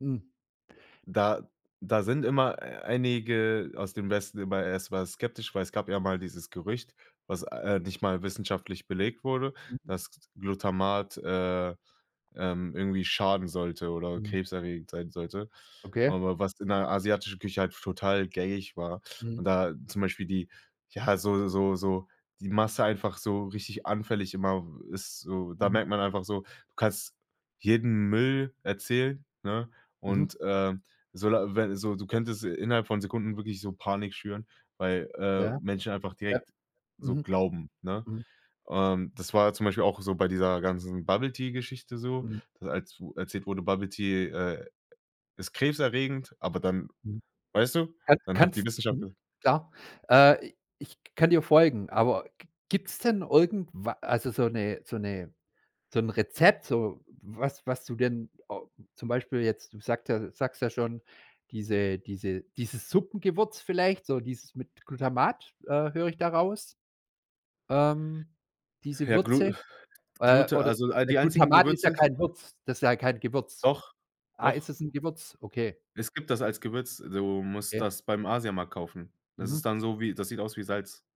Mhm. Da da sind immer einige aus dem Westen immer erstmal skeptisch. Weil es gab ja mal dieses Gerücht- was, äh, nicht mal wissenschaftlich belegt wurde- Mhm. dass Glutamat, äh, ähm, irgendwie schaden sollte oder Mhm. krebserregend sein sollte. Okay. Aber was in der asiatischen Küche halt f total gängig war. Und Mhm. da zum Beispiel die ja, so so so die Masse einfach so richtig anfällig immer ist so. Da Mhm. merkt man einfach so, du kannst jeden Müll erzählen, ne? Mhm. Und, ähm so, da wenn so, du könntest innerhalb von Sekunden wirklich so Panik schüren. Weil, äh, Ja. Menschen einfach Ja. direkt so Mhm. glauben, ne? Mhm. Ähm, das war zum Beispiel auch so bei dieser ganzen Bubble Tea Geschichte so, Mhm. als u erzählt wurde, Bubblet Tea, äh, ist krebserregend, aber dann Mhm. weißt du, Kann dann hat die kannst Wissenschaft mhm, [unintelligible] klar. Äh, i i Ich kann dir folgen, aber g gibt´s denn irgendwa also so 'ne so 'ne so 'n Rezept, so was was du denn äh, zum Beispiel jetzt, du sagt ja du sagst ja schon, diese diese dieses Suppengewürz vielleicht, so dieses mit Glutamat, äh, höre ich da raus? Ähm, diese Ja, Glu Würze, äh, Glute oder also, all d die einzigen Glutamat ist ja Gewürze kein Würz das ist ja kein Gewürz. Doch, Ah, ist doch. es ´n Gewürz? Okay. Es gibt das als Gewürz. Du musst Okay. das beim Asiamarkt kaufen. Das ist Mhm. dann so wie das sieht aus wie Salz.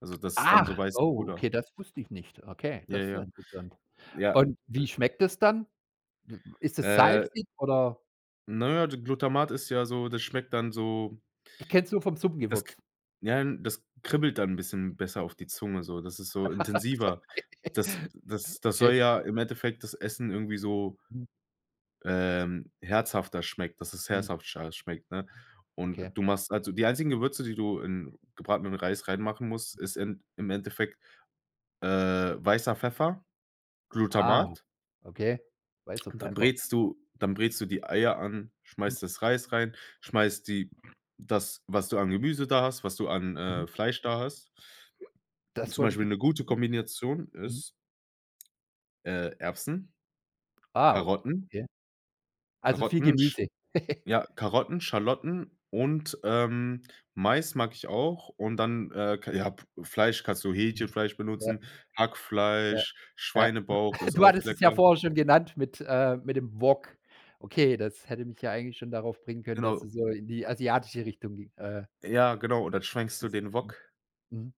Also das ist dann so Ach. weißes Oh, Pulver. okay, das wusste ich nicht. Okay, Ja, das ist ja ja. interessant. Ja. Und, wie schmeckt es dann? I ist es Äh salzig oder Ne, d Glutamat ist ja so das schmeckt dann so Ich kenn's nur vom das k Suppengewürz. Ja, n das k kribbelt dann ´n bisschen besser auf die Zunge so, das ist so intensiver. Das das das soll Okay. ja im Endeffekt das Essen irgendwie so Mhm. ähm, herzhafter schmeckt dass es Mhm. herzhafter schmeckt, ne? Und Okay. du machst also die einzigen Gewürze, die du in gebratenem Reis reinmachen musst, ist in im Endeffekt, äh, weißer Pfeffer, Ah, Glutamat. okay, weißer Dann Pfeffer. brätst du dann brätst du die Eier an. Mhm. Schmeißt das Reis rein, schmeißt die das, was du an Gemüse da hast, was du an, Mhm. äh, Fleisch da hast. Das Zum wollt ich Beispiel jetzt 'ne gute mhm. Kombination Mhm. ist, äh, Erbsen, Wow, Karotten okay. Also viel Karotten, sch Gemüse. ja, Karotten, Schalotten und, ähm, Mais mag ich auch. Und dann, äh, kei ja p Fleisch kannst du Mhm. Hähnchenfleisch Ja. benutzen, Ja. Hackfleisch, Ja. Schweinebauch ist Du auch hattest es lecker. ja vorher schon genannt mit äh, mit dem Wok. Okay, das hätte mich ja eigentlich schon darauf bringen können, dass Genau. du so in die asiatische Richtung ging äh Ja, genau, und dann schwenkst du isst. den Mhm Wok. mhm.